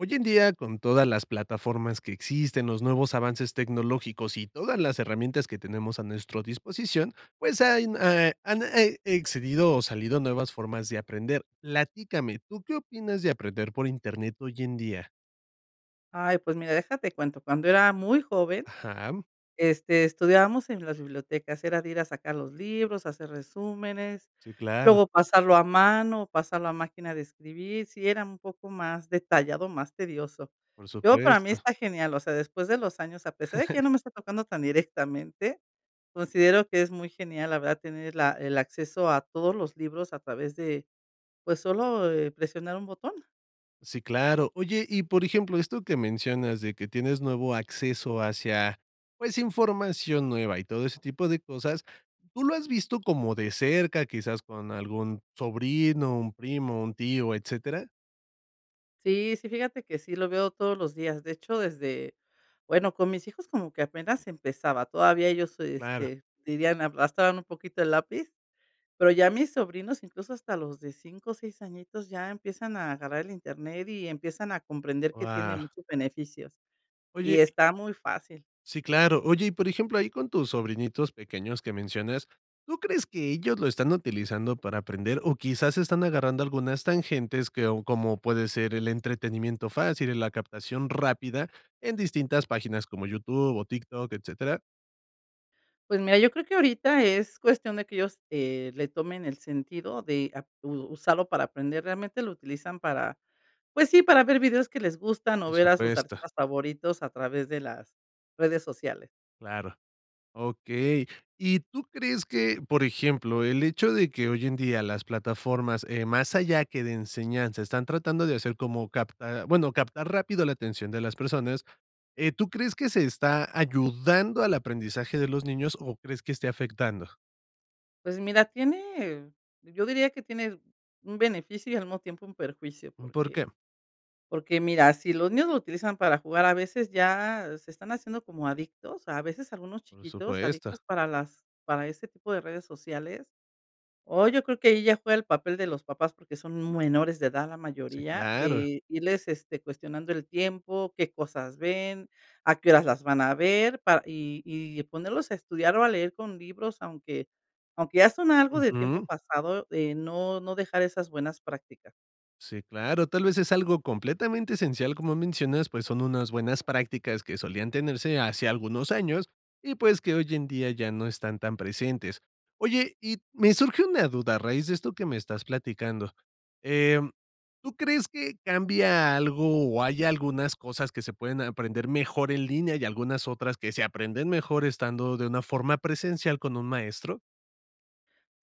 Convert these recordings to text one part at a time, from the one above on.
Hoy en día, con todas las plataformas que existen, los nuevos avances tecnológicos y todas las herramientas que tenemos a nuestro disposición, pues, hay eh, han e excedido o salido nuevas formas de aprender. Platícame, ¿tú qué opinas de aprender por Internet hoy en día? Ay, pues, mira, deja, te cuento. Cuando era muy joven, Ajá. este, estudiábamos en las bibliotecas, era de ir a sacar los libros, hacer resúmenes, Sí, claro. luego pasarlo a mano o pasarlo a máquina de escribir. Sí era un poco más detallado, más tedioso. Por Yo, para mí, supuesto. está genial, o sea, después de los años, a pesar de que ya no me está tocando tan directamente, considero que es muy genial, la verdad, tener la el acceso a todos los libros a través de, pues, solo, eh, presionar, un botón. Sí, claro. Oye, y, por ejemplo, esto que mencionas de que tienes nuevo acceso hacia, pues, información nueva y todo ese tipo de cosas. ¿Tú lo has visto como de cerca, quizás con algún sobrino, un primo, un tío, etcétera? Sí, sí, fíjate que sí lo veo todos los días. De hecho, desde, bueno, con mis hijos como que apenas empezaba. Todavía ellos, Claro. este, dirían, arrastraban un poquito el lápiz, pero ya mis sobrinos, incluso hasta los de 5, 6 añitos, ya empiezan a agarrar el internet y empiezan a comprender que tiene Guau. muchos beneficios, Oye y y está muy fácil. Sí, claro. Oye, y por ejemplo, ahí con tus sobrinitos pequeños, que mencionas, ¿tú crees que ellos lo están utilizando para aprender o quizás están agarrando algunas tangentes que o como puede ser el entretenimiento fácil, la captación rápida en distintas páginas como YouTube o TikTok, etcétera? Pues mira, yo creo que ahorita es cuestión de que ellos, eh, le tomen el sentido de ap u usarlo para aprender. Realmente lo utilizan para, pues sí, para ver videos que les gustan o Por ver a sus supuesto. artistas favoritos a través de las redes sociales. Claro. Okey. ¿Y tú crees que, por ejemplo, el hecho de que hoy en día las plataformas, eh, más allá que de enseñanza, están tratando de hacer como, capt ah, bueno, captar rápido la atención de las personas. Eh, ¿tú crees que se está ayudando al aprendizaje de los niños o crees que esté afectando? Pues mira, tiene yo diría que tiene un beneficio y al mismo tiempo un perjuicio, Mm, ¿por porque qué? porque mira, si los niños lo utilizan para jugar, a veces ya se están haciendo como adictos, a veces algunos Por chiquitos adictos supuesto. para las para ese tipo de redes sociales. O yo creo que ahí ya fue el papel de los papás porque son menores de edad la Sí, mayoría claro. de irles, este, cuestionando el tiempo, qué cosas ven, a qué horas las van a ver pa y y ponerlos a estudiar o a leer con libros, aunque aunque ya son algo de tiempo Ujú. pasado de no no dejar esas buenas prácticas. Sí, claro, tal vez es algo completamente esencial, como mencionas, pues son unas buenas prácticas que solían tenerse hace algunos años y, pues, que hoy en día ya no están tan presentes. Oye, y me surge una duda a raíz de esto que me estás platicando. Eh, ¿tú crees que cambia algo o hay algunas cosas que se pueden aprender mejor en línea y algunas otras que se aprenden mejor estando de una forma presencial con un maestro?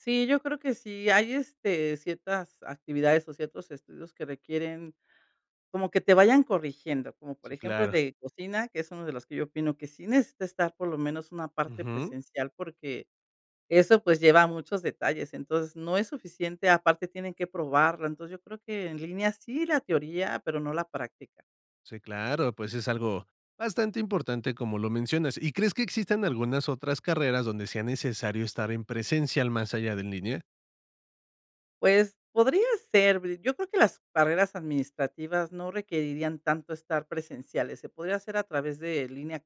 Sí, yo creo que sí, hay este, ciertas actividades o ciertos estudios que requieren como que te vayan corrigiendo, como por Sí, ejemplo el claro. de cocina, que es uno de los que yo opino que sí necesita estar por lo menos una parte Ujú. presencial porque eso pues lleva muchos detalles, entonces no es suficiente. Aparte, tienen que probarla. Entonces, yo creo que en línea sí la teoría, pero no la práctica. Sí, claro, pues es algo bastante importante, como lo mencionas. ¿Y crees que existan algunas otras carreras donde sea necesario estar en presencial más allá de en línea? Pues podría ser, yo creo que las carreras administrativas no requerirían tanto estar presenciales. Se podría hacer a través de línea,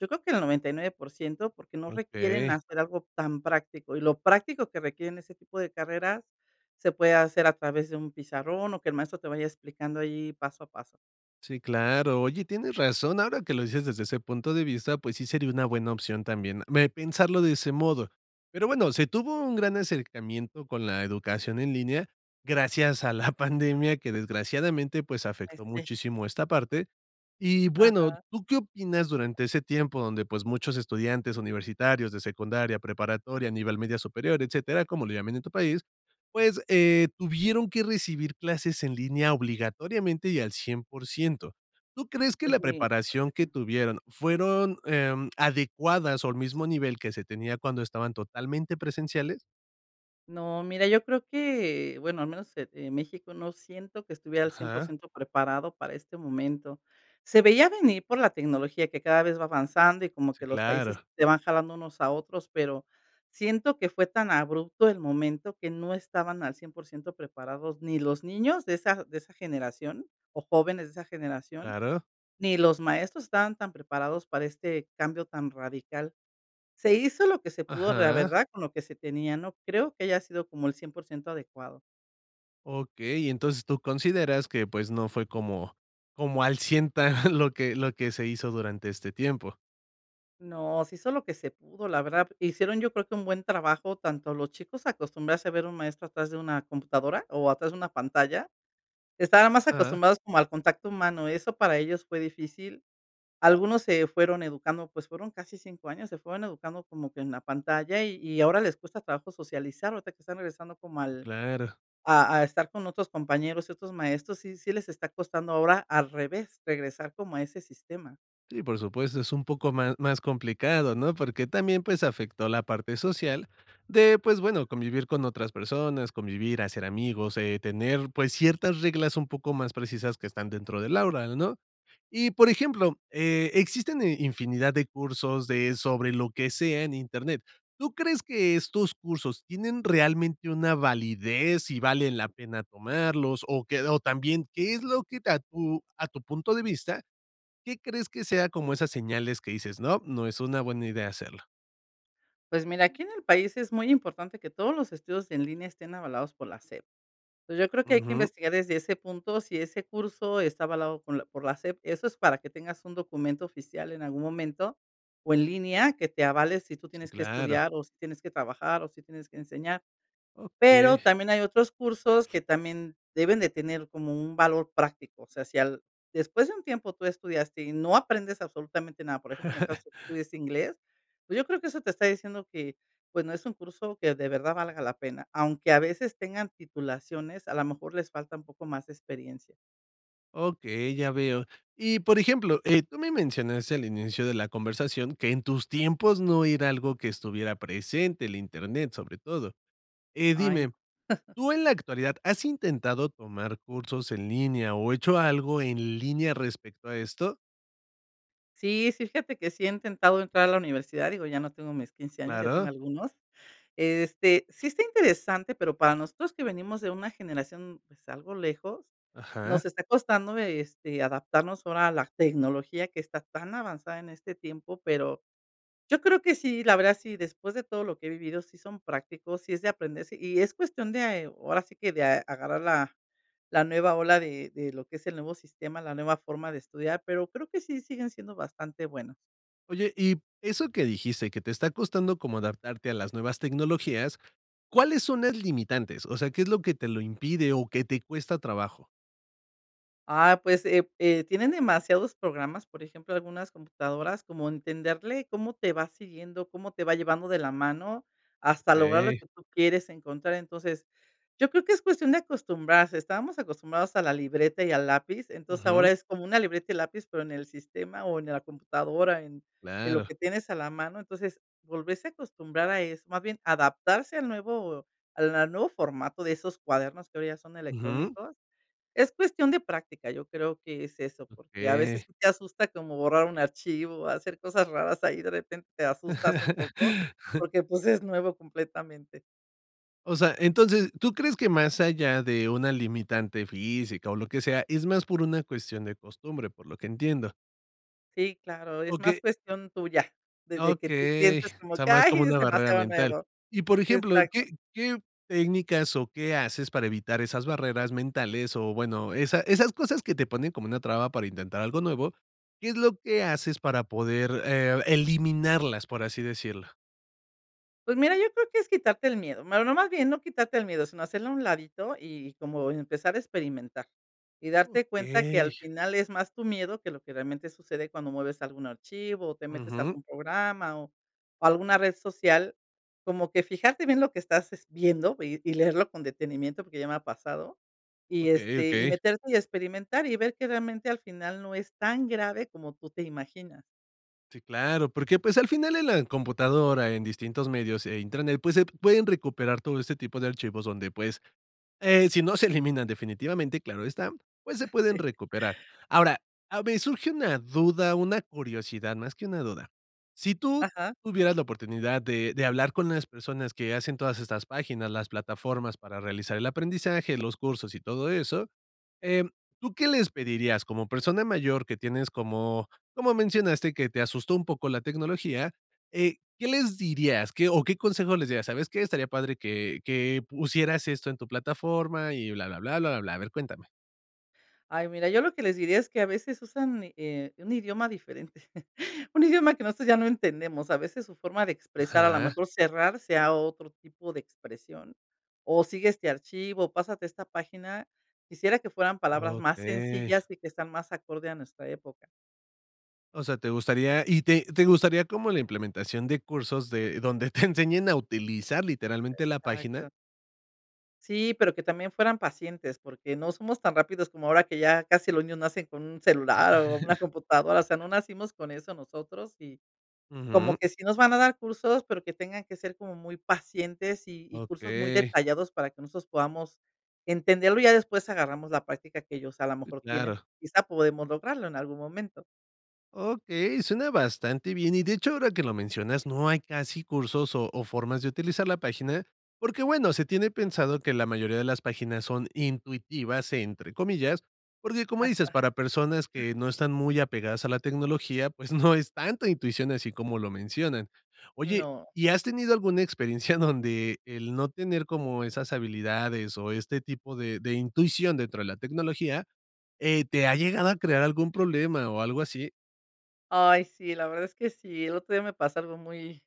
yo creo que el 99% porque no requieren Okey. hacer algo tan práctico y lo práctico que requieren ese tipo de carreras se puede hacer a través de un pizarrón o que el maestro te vaya explicando ahí paso a paso. Sí, claro. Oye, tienes razón. Ahora que lo dices desde ese punto de vista, pues sí sería una buena opción también me pensarlo de ese modo. Pero, bueno, se tuvo un gran acercamiento con la educación en línea gracias a la pandemia que, desgraciadamente, pues, Ay, afectó sí. muchísimo esta parte. Y bueno, Ajá. ¿tú qué opinas durante ese tiempo donde, pues, muchos estudiantes universitarios de secundaria, preparatoria, a nivel media superior, etcétera, como lo llaman en tu país, pues, eh, tuvieron que recibir clases en línea obligatoriamente y al 100%? ¿Tú crees que la Pues mira. preparación que [unintelligible] tuvieron fueron, em, adecuadas o al mismo nivel que se tenía cuando estaban totalmente presenciales? No, mira, yo creo que, bueno, al menos e en México, no siento que estuviera al cien por Ajá. ciento preparado para este momento. Se veía venir por la tecnología que cada vez va avanzando y como Sí, que los países claro. se van jalando unos a otros, pero siento que fue tan abrupto el momento que no estaban al 100% preparados ni los niños de esa de esa generación o jóvenes de esa generación, Claro. ni los maestros estaban tan preparados para este cambio tan radical. Se hizo lo que se pudo, la Ajá. verdad, con lo que se tenía. No creo que haya sido como el 100% adecuado. Okey, entonces, tú consideras que, pues, no fue como como al cien ta lo que lo que se hizo durante este tiempo. No, se hizo lo que se pudo, la verdad, hicieron, yo creo que un buen trabajo, tanto los chicos acostumbrarse a ver un maestro atrás de una computadora o atrás de una pantalla. Estaban más Ajá. acostumbrados como al contacto humano, eso para ellos fue difícil. Algunos se fueron educando, pues fueron casi 5 años, se fueron educando como que en la pantalla y y ahora les cuesta trabajo socializar. O sea que están regresando como al Claro. a a estar con otros compañeros, otros maestros, sí sí les está costando ahora al revés, regresar como a ese sistema. Sí, por supuesto, es un poco más más complicado, ¿no? Porque también, pues, afectó la parte social de, pues, bueno, convivir con otras personas, convivir, hacer amigos, eh, tener, pues, ciertas reglas un poco más precisas que están dentro del aula, ¿no? Y, por ejemplo, eh, existen, eh, infinidad de cursos de sobre lo que sea en Internet. ¿Tú crees que estos cursos tienen realmente una validez y valen la pena tomarlos? ¿O qué? O también, ¿qué es lo que a tu a tu punto de vista? ¿Qué crees que sea como esas señales que dices, no, no es una buena idea hacerlo? Pues, mira, aquí en el país, es muy importante que todos los estudios en línea estén avalados por la SEP. Entonces, yo creo que hay que Ujú. investigar desde ese punto, si ese curso está avalado con la por la SEP. Eso es para que tengas un documento oficial en algún momento, o en línea, que te avale si tú Sí, tienes que claro. estudiar o si tienes que trabajar, o si tienes que enseñar. Pero Okey. también hay otros cursos que también deben de tener como un valor práctico. O sea, si al después de un tiempo tú estudiaste y no aprendes absolutamente nada, por ejemplo, en el caso de que estudies inglés, pues, yo creo que eso te está diciendo que, pues, no es un curso que, de verdad, valga la pena. Aunque a veces tengan titulaciones, a lo mejor les falta un poco más de experiencia. Okey, ya veo. Y, por ejemplo, eh, tú me mencionaste, al inicio de la conversación, que en tus tiempos no era algo que estuviera presente, el Internet, sobre todo, eh, Ay, no. dime, ¿tú, en la actualidad, has intentado tomar cursos en línea o hecho algo en línea respecto a esto? Sí, sí, fíjate que sí he intentado entrar a la universidad, digo, ya no tengo mis 15 años, ya tengo Claro. algunos. Este, sí está interesante, pero, para nosotros que venimos de una generación, pues, algo lejos, Ajá. nos está costando de, este, adaptarnos ahora a la tecnología que está tan avanzada en este tiempo. Pero yo creo que sí, la verdad, sí, después de todo lo que he vivido, sí son prácticos, sí es de aprender, sí, y es cuestión de, ahora sí que, de agarrar la la nueva ola de de lo que es el nuevo sistema, la nueva forma de estudiar, pero creo que sí siguen siendo bastante buenas. Oye, y eso que dijiste que te está costando como adaptarte a las nuevas tecnologías. ¿Cuáles son las limitantes? O sea, ¿qué es lo que te lo impide o que te cuesta trabajo? Ah, pues, eh, eh, tienen demasiados programas, por ejemplo, algunas computadoras, como entenderle cómo te va siguiendo, cómo te va llevando de la mano hasta lograr lo Okey. que tú quieres encontrar. Entonces, yo creo que es cuestión de acostumbrarse. Estábamos acostumbrados a la libreta y al lápiz. Entonces, Ujú. ahora, es como una libreta y lápiz, pero en el sistema o en la computadora, en en lo Claro. que tienes a la mano. Entonces, volverse a acostumbrar a eso, más bien, adaptarse al nuevo a la nuevo formato de esos cuadernos que hoy ya son Ujú. electrónicos, es cuestión de práctica, yo creo que es eso, porque, a veces, Okey. te asusta como borrar un archivo, o hacer cosas raras ahí, de repente te asustas un poco, porque, pues, es nuevo completamente. O sea, entonces, ¿tú crees que más allá de una limitante física o lo que sea, es más por una cuestión de costumbre?, por lo que entiendo Sí, claro. Es O más que cuestión tuya, de de que tú Okey. O sientes como sea, que: más "Ay, como es una barrera demasiado mental. nuevo". Y, por ejemplo, Exacto. ¿qué qué técnicas o qué haces para evitar esas barreras mentales? O, bueno, esa esas cosas que te ponen como una traba para intentar algo nuevo, ¿qué es lo que haces para poder, eh, eliminarlas? Por así decirlo. Pues mira, yo creo que es quitarte el miedo, bueno, no, más bien no quitarte el miedo, sino hacerlo a un ladito y como empezar a experimentar. Y darte cuenta que al Okey. final es más tu miedo que lo que realmente sucede cuando mueves algún archivo o te metes a Ujú. algún programa o o alguna red social. Como que fijarte bien lo que estás, es viendo y y leerlo con detenimiento porque ya me ha pasado. Y, Okey, este, y okey. meterte y experimentar y ver que realmente al final no es tan grave como tú te imaginas. Sí, claro, porque, pues, al final en la computadora, en distintos medios e Internet, pues, se pueden recuperar todo este tipo de archivos donde, pues, eh, si no se eliminan definitivamente, claro está, pues, se Ah, pueden sí. recuperar. Ahora, a ver, surge una duda, una curiosidad, más que una duda. Si tú Ajá. tuvieras la oportunidad de de hablar con las personas que hacen todas estas páginas, las plataformas para realizar el aprendizaje, los cursos, y todo eso, em, ¿tú qué les pedirías como persona mayor, que tienes, como como mencionaste, que te asustó un poco la tecnología, eh, qué les dirías? ¿Qué o qué consejo les dirías?: "¿Sabes qué? Estaría padre que que pusieras esto en tu plataforma", y blablabla, blablabla. A ver, cuéntame. Ay, mira, yo lo que les diría es que, a veces, usan, eh, un idioma diferente, un idioma que nosotros ya no entendemos. A veces, su forma de expresar, a lo Ajá. mejor, cerrarse a otro tipo de expresión, o sigue este archivo, pásate a esta página. Quisiera que fueran palabras más Okey. sencillas y que están más acorde a nuestra época. O sea, ¿te gustaría? ¿Y te te gustaría como la implementación de cursos de donde te enseñen a utilizar, literalmente, la página? Exacto. Sí, pero que también fueran pacientes, porque no somos tan rápidos como ahora que ya casi los niños nacen con un celular o una computadora, o sea, no nacimos con eso nosotros. Y, como Ujú. que sí nos van a dar cursos, pero que tengan que ser como muy pacientes, y y cursos muy Okey. detallados para que nosotros podamos entenderlo y ya, después, agarramos la práctica que ellos, a lo Sí, mejor, tienen. claro. Quizá podemos lograrlo en algún momento. Okey, suena bastante bien. Y, de hecho, ahora que lo mencionas, no hay casi cursos o o formas de utilizar la página, porque, bueno, se tiene pensado que la mayoría de las páginas son "intuitivas", entre comillas, porque, como dices, Ajá. para personas que no están muy apegadas a la tecnología, pues, no es tanta intuición así como lo mencionan. Oye, No. ¿y has tenido alguna experiencia donde el no tener como esas habilidades o este tipo de de intuición dentro de la tecnología, eh, te ha llegado a crear algún problema o algo así? Ay, sí, la verdad es que sí. El otro día me pasó algo, muy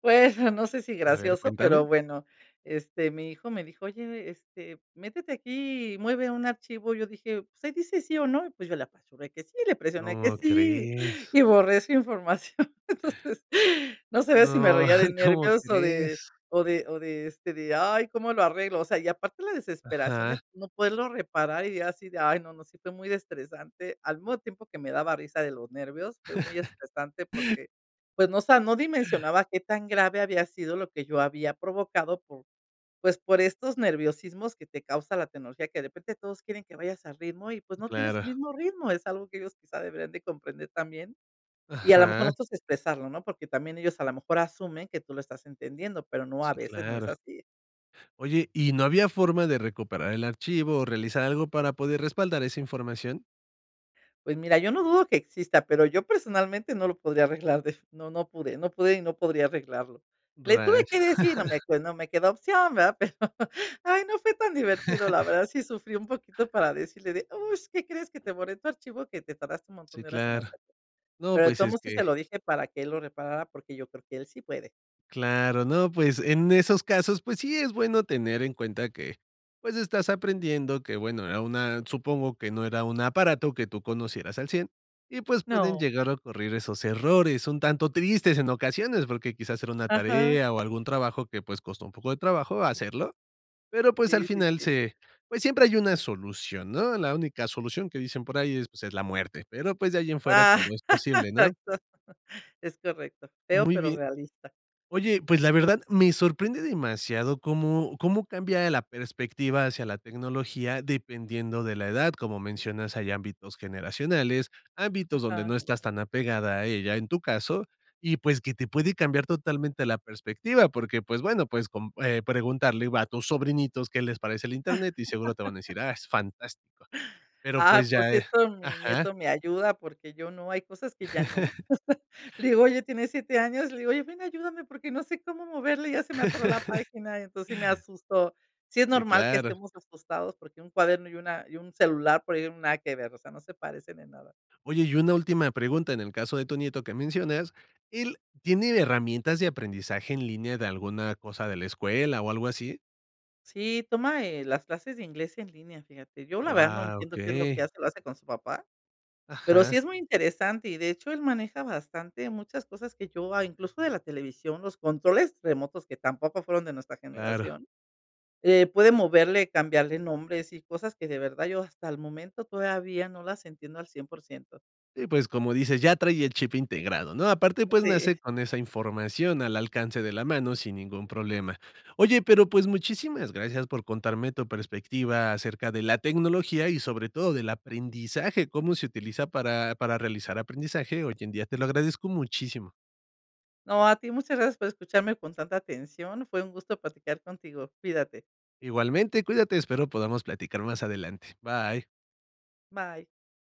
pues no sé si A ver, gracioso, pero cuéntame. bueno, este, mi hijo me dijo: "Oye, este, métete aquí y mueve un archivo". Y yo dije: "Pues ahí dice sí o no". Pues yo le apachurré que sí, le presioné que ¿Cómo sí, crees? y borré su información. Entonces, no sabía si me No, reía de ¿cómo nervios o de crees? o de o de, este, de: "Ay, ¿cómo lo arreglo?". O sea, y aparte la desesperación de Ajá. no poderlo reparar y así de: "Ay", no, no, sí fue muy estresante. Al mismo tiempo que me daba risa de los nervios, fue muy estresante porque, pues no sa no dimensionaba qué tan grave había sido lo que yo había provocado por, pues, por estos nerviosismos que te causa la tecnología, que de repente todos quieren que vayas al ritmo y, pues, no tienes su Claro. mismo ritmo, es algo que ellos quizá deberían de comprender también. Y a la mejor Ajá. nosotros expresarlo, ¿no? Porque también ellos a la mejor asumen que tú lo estás entendiendo, pero no, a Sí, veces no es claro. así. Oye, ¿y no había forma de recuperar el archivo o realizar algo para poder respaldar esa información? Pues mira, yo no dudo que exista, pero yo personalmente no lo podría arreglar, de no no pude no pude y no podría arreglarlo. Le Rayos. tuve que decir, no me no me quedó opción, ¿verdad? Pero, ay, no fue tan divertido, la verdad sí sufrí un poquito para decirle de: "Uh, ¿Qué crees? Que te borré tu archivo que te tardaste un montón Sí, de horas en claro. hacer". No, Pero de pues todos es modos sí se lo que dije para que él lo reparara, porque yo creo que él sí puede. Claro, no, pues, en esos casos, pues, sí es bueno tener en cuenta que, pues estás aprendiendo que bueno, a una supongo que no era un aparato que tú conocieras al cien y, pues, pueden No. llegar a ocurrir esos errores. Son tanto tristes en ocasiones porque quizás era una Ajá. tarea o algún trabajo que, pues, costó un poco de trabajo hacerlo. Pero, pues, Sí, al sí, final sí. se, pues, siempre hay una solución, ¿no? La única solución que dicen por ahí es, pues, es la muerte. Pero, pues, de ahí en fuera, Ah. todo es posible, ¿no? Exacto. Es correcto, feo Muy pero bien. realista. Oye, pues, la verdad, me sorprende demasiado cómo cómo cambia la perspectiva hacia la tecnología, dependiendo de la edad. Como mencionas, hay ámbitos generacionales, ámbitos donde Ajá. no estás tan apegada a ella en tu caso, y, pues, que te puede cambiar totalmente la perspectiva, porque, pues, bueno, pues, con eh, preguntarle a tus sobrinitos qué les parece el Internet, seguro te van a decir: "Ah, es fantástico". Pero, Ah, pues, por ya, eh cierto, mi Ajá. nieto me ayuda porque yo no, hay cosas que ya no. Le digo: "Oye", tiene 7 años, le digo: "Oye, ven, ayúdame porque no sé cómo moverle y ya se me atoró la página", y entonces me asustó. Sí es Sí, normal que claro. estemos asustados porque un cuaderno y una y un celular por ahí, nada que ver, o sea, no se parecen en nada. Oye, y una última pregunta, en el caso de tu nieto que mencionas, ¿él tiene herramientas de aprendizaje en línea de alguna cosa de la escuela o algo así? Sí, toma, eh, las clases de inglés en línea, fíjate. Yo, la verdad, no Guau, entiendo qué es lo que okey. hace, lo hace con su papá. Pero sí Ajá. es muy interesante y de hecho, él maneja bastante muchas cosas que yo, ah, incluso de la televisión, los controles remotos que tampoco fueron de nuestra Claro. generación. Eh, puede moverle, cambiarle nombres y cosas que de verdad yo hasta el momento todavía no las entiendo al 100%. Y, pues, como dices, ya trae el chip integrado, ¿no? Aparte, pues, Sí. nace con esa información al alcance de la mano sin ningún problema. Oye, pero, pues, muchísimas gracias por contarme tu perspectiva acerca de la tecnología y, sobre todo, del aprendizaje, cómo se utiliza para para realizar aprendizaje hoy en día. Te lo agradezco muchísimo. No, a ti muchas gracias por escucharme con tanta atención. Fue un gusto platicar contigo. Cuídate. Igualmente, cuídate, espero podamos platicar más adelante. Bye. Bye.